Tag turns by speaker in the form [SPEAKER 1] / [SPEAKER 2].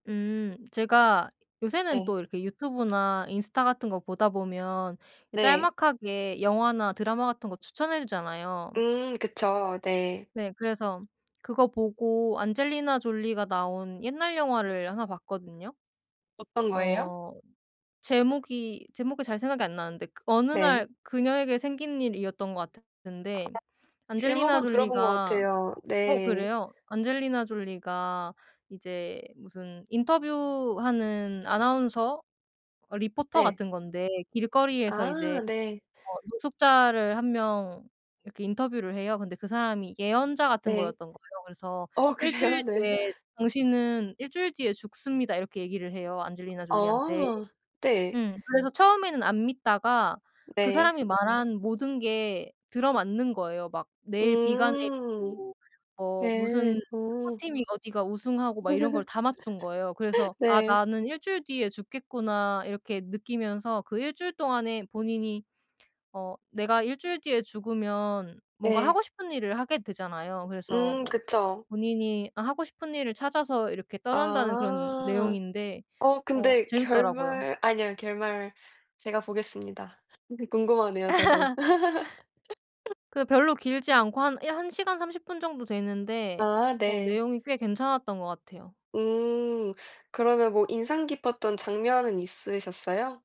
[SPEAKER 1] 음. 제가 요새는
[SPEAKER 2] 네.
[SPEAKER 1] 또 이렇게 유튜브나 인스타 같은 것 보다 보면 이
[SPEAKER 2] 네.
[SPEAKER 1] 짤막하게 영화나 드라마 같은 것 추천해 주잖아요.
[SPEAKER 2] 음. 그쵸. 네.
[SPEAKER 1] 네. 그래서 그거 보고 안젤리나 졸리가 나온 옛날 영화를 1 봤거든요.
[SPEAKER 2] 어떤 거예요?
[SPEAKER 1] 어 제목이, 제목이 잘 생각이 안 나는데 그 '어느
[SPEAKER 2] 네.
[SPEAKER 1] 날 그녀에게 생긴 일'이였던 것 같은데 안젤리나
[SPEAKER 2] 제목은 들어본 것
[SPEAKER 1] 졸리가
[SPEAKER 2] 같아요.
[SPEAKER 1] 어?
[SPEAKER 2] 네.
[SPEAKER 1] 그래요? 안젤리나 졸리가 이제 무슨 인터뷰 하는 아나운서 어 리포터
[SPEAKER 2] 예.
[SPEAKER 1] 같은 건데 길거리에서 이제
[SPEAKER 2] 아 네.
[SPEAKER 1] 뭐 노숙자를 1 명 이렇게 인터뷰를 해요. 근데 그 사람이 예언자 같은
[SPEAKER 2] 네.
[SPEAKER 1] 거였던 거예요. 그래서
[SPEAKER 2] 어
[SPEAKER 1] "1 주일
[SPEAKER 2] 그래요? 네.
[SPEAKER 1] 뒤에 당신은 1 주일 뒤에 죽습니다." 이렇게 얘기를 해요, 안젤리나 졸리한테.
[SPEAKER 2] 어. 네.
[SPEAKER 1] 음. 그래서 처음에는 안 믿다가 그
[SPEAKER 2] 네.
[SPEAKER 1] 사람이 말한 모든 게 들어 맞는 거예요. 막 내일 비가
[SPEAKER 2] 음.
[SPEAKER 1] 내리고 어
[SPEAKER 2] 네.
[SPEAKER 1] 무슨
[SPEAKER 2] 오.
[SPEAKER 1] 축구팀이 어디가 우승하고 막 이런 걸 다 맞춘 거예요. 그래서 '아
[SPEAKER 2] 네.
[SPEAKER 1] 나는 1 주일 뒤에 죽겠구나.' 이렇게 느끼면서 그 1 주일 동안에 본인이 어 내가 1 주일 뒤에 죽으면 뭔가
[SPEAKER 2] 네.
[SPEAKER 1] 하고 싶은 일을 하게 되잖아요. 그래서
[SPEAKER 2] 음.
[SPEAKER 1] 뭐
[SPEAKER 2] 그쵸.
[SPEAKER 1] 본인이 하고 싶은 일을 찾아서 이렇게 떠난다는 그런
[SPEAKER 2] 아.
[SPEAKER 1] 내용인데
[SPEAKER 2] 어
[SPEAKER 1] 어
[SPEAKER 2] 근데
[SPEAKER 1] 재밌더라고요.
[SPEAKER 2] 결말 아니요 결말 제가 보겠습니다. 궁금하네요, 저도.
[SPEAKER 1] 그게 별로 길지 않고 한 1 시간 30 분 정도 되는데
[SPEAKER 2] 아
[SPEAKER 1] 어
[SPEAKER 2] 네.
[SPEAKER 1] 내용이 꽤 괜찮았던 것 같아요.
[SPEAKER 2] 음. 그러면 뭐 인상 깊었던 장면은 있으셨어요?